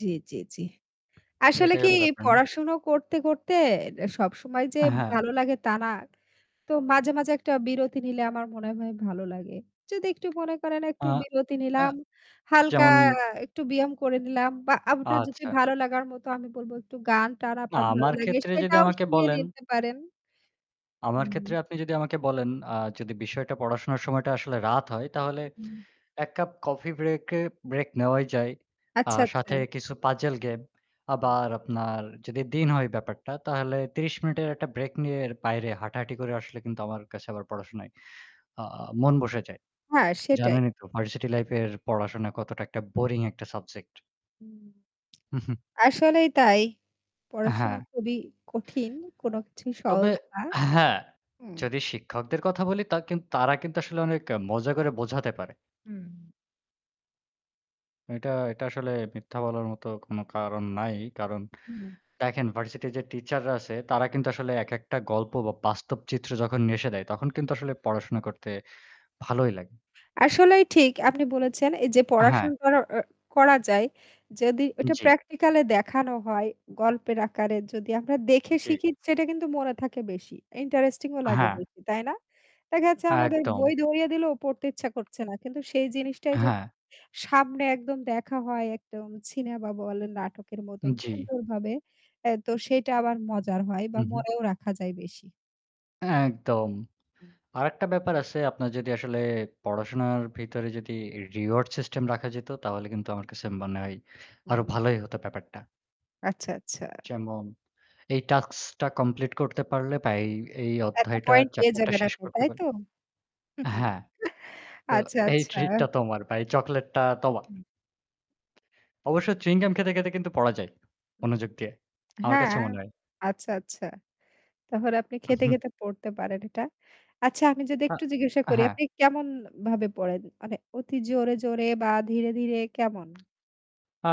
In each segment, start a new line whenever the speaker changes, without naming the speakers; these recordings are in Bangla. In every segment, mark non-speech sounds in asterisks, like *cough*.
জ্বি, জ্বি, জ্বি।
তো
আসলে
এটাই
কি
হলো ব্যাপার না?
পড়া শুনো করতে, করতে সবসময় যে
হ্যাঁ।
ভালো লাগে তা না। তো মাঝে, মাঝে একটা বিরতি নিলে আমার মনে হয় ভালো লাগে যদি একটু মনে করেন একটু
আ
বিরতি
আ
নিলাম হালকা
যেমন
একটু ব্যায়াম করে নিলাম বা আপনার যদি
আচ্ছা।
ভালো লাগার মতো আমি বলবো একটু গান-টান
না,
আপনার ভালো
আমার
লাগে
ক্ষেত্রে যদি
সেটাও
আমাকে
শুনিয়ে
বলেন
নিতে পারেন।
আমার ক্ষেত্রে
হুম।
আপনি যদি আমাকে বলেন, আ যদি বিষয়টা পড়াশোনার সময়টা আসলে রাত হয়, তাহলে
হুম।
১ কাপ কফি ব্রেক এ ব্রেক নেওয়াই যায়। আ
আচ্ছা,
সাথে
আচ্ছা।
কিছু পাজল গেম
হুম।
আবার আপনার যদি দিন হয় ব্যাপারটা তাহলে ৩০ মিনিটের একটা ব্রেক নিয়ে বাইরে হাঁটাহাঁটি করে আসলে কিন্তু আমার কাছে আবার পড়াশোনায় আ মন বসে যায়।
হ্যাঁ সেটাই।
জানেনই তো ভার্সিটি লাইফ এর পড়াশোনা কতটা একটা বোরিং একটা সাবজেক্ট।
থ হুম।
*chuckles*
*smacks lips* আসলেই তাই। পড়াশোনা
হ্যাঁ।
খুবই কঠিন, কোনো কিছুই
তবে
সহজ না।
হ্যাঁ,
হুম।
যদি শিক্ষকদের কথা বলি তা কি তারা কিন্তু আসলে অনেক মজা করে বোঝাতে পারে
হুম।
এটা এটা আসলে মিথ্যা বলার মত কোনো কারণ নাই। কারণ
হুম।
দেখেন ভার্সিটির যে টিচাররা আছে তারা কিন্তু আসলে একেকটা গল্প বা বাস্তব চিত্র যখন নিয়ে দেয় তখন কিন্তু আসলে পড়াশোনা করতে ভালোই লাগে।
আসলেই ঠিক আপনি বলেছেন এইযে
হ্যাঁ।
পড়াশোনা করা আ করা যায় যদি ওটা
জ্বি।
প্র্যাকটিক্যালই দেখানো হয়, গল্পের আকারে যদি আমরা দেখে
জ্বী।
শিখি সেটা কিন্তু মনে থাকে বেশি, ইন্টারেস্টিংও লাগে,
হ্যাঁ।
তাই না? দেখা যাচ্ছে আমাদের
একদম।
বই ধরিয়ে দিলেও পড়তে ইচ্ছা করছে না। কিন্তু সেই জিনিসটাই যদি
হ্যাঁ।
সামনে একদম দেখা হয় একদম সিনেমা বলেন নাটকের মতন
জ্বি।
সুন্দরভাবে এ তো সেটা আবার মজার হয় বা
হু, হু।
মনেও রাখা যায় বেশি।
একদম।
হু।
আরেকটা ব্যাপার আছে, আপনার যদি আসলে পড়াশোনার ভেতরে যদি রিওয়ার্ড সিস্টেম রাখা যেত তাহলে কিন্তু আমার কাছে মনে হয় আরো
হুম।
ভালোই হত ব্যাপারটা।
আচ্ছা, আচ্ছা।
যেমন এই টাস্কটা কমপ্লিট করতে পারলে বা এই এই
এত
অধ্যায়টা
পয়েন্ট পেয়ে
চ্যাপ্টারটা
যাবেন
শেষ
আপনি,
করতে
তাই
পা
তো? *chuckles*
হ্যাঁ। তো
আচ্ছা,
এই
আচ্ছা।
ট্রিটটা তোমার বা এই চকোলেটটা তোমার।
হুম।
অবশ্য চুইং গাম খেতে, খেতে কিন্তু পড়া যায়।
হুম।
মনযোগ দিয়ে। আমার কাছে
হ্যাঁ,
মনে হয়।
আচ্ছা, আচ্ছা। তারপর আপনি খেতে,
*chuckles*
খেতে পড়তে পারেন এটা। আচ্ছা আমি যদি
আ
একটু জিজ্ঞাসা করি,
হ্যাঁ।
আপনি কেমনভাবে পড়েন? মানে অতি জোরে, জোরে বা ধীরে, ধীরে কেমন?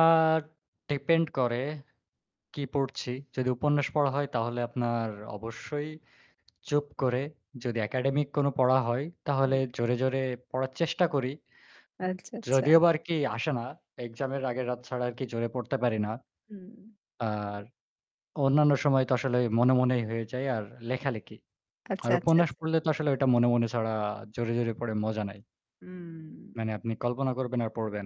আর ডিপেন্ড করে কি পড়ছি। যদি উপন্যাস পড়া হয় তাহলে আপনার অবশ্যই চুপ করে যদি একাডেমিক কোনো পড়া হয়
হুম।
তাহলে জোরে, জোরে পড়ার চেষ্টা করি
আচ্ছা, আচ্ছা।
যদিও বা আরকি আসে না, এক্সামের আগের রাত ছাড়া আর কি জোরে পড়তে পারি না।
হুম।
আর অন্যান্য সময় তো আসলে মনে, মনেই হয়ে যায়। আর লেখালেখি।
আচ্ছা,
আর
আচ্ছা,
উপন্যাস
আচ্ছা।
পড়লে তো আসলে ওইটা মনে, মনে ছাড়া জোরে, জোরে পড়ে মজা নাই
হুম।
মানে আপনি কল্পনা করবেন আর পড়বেন।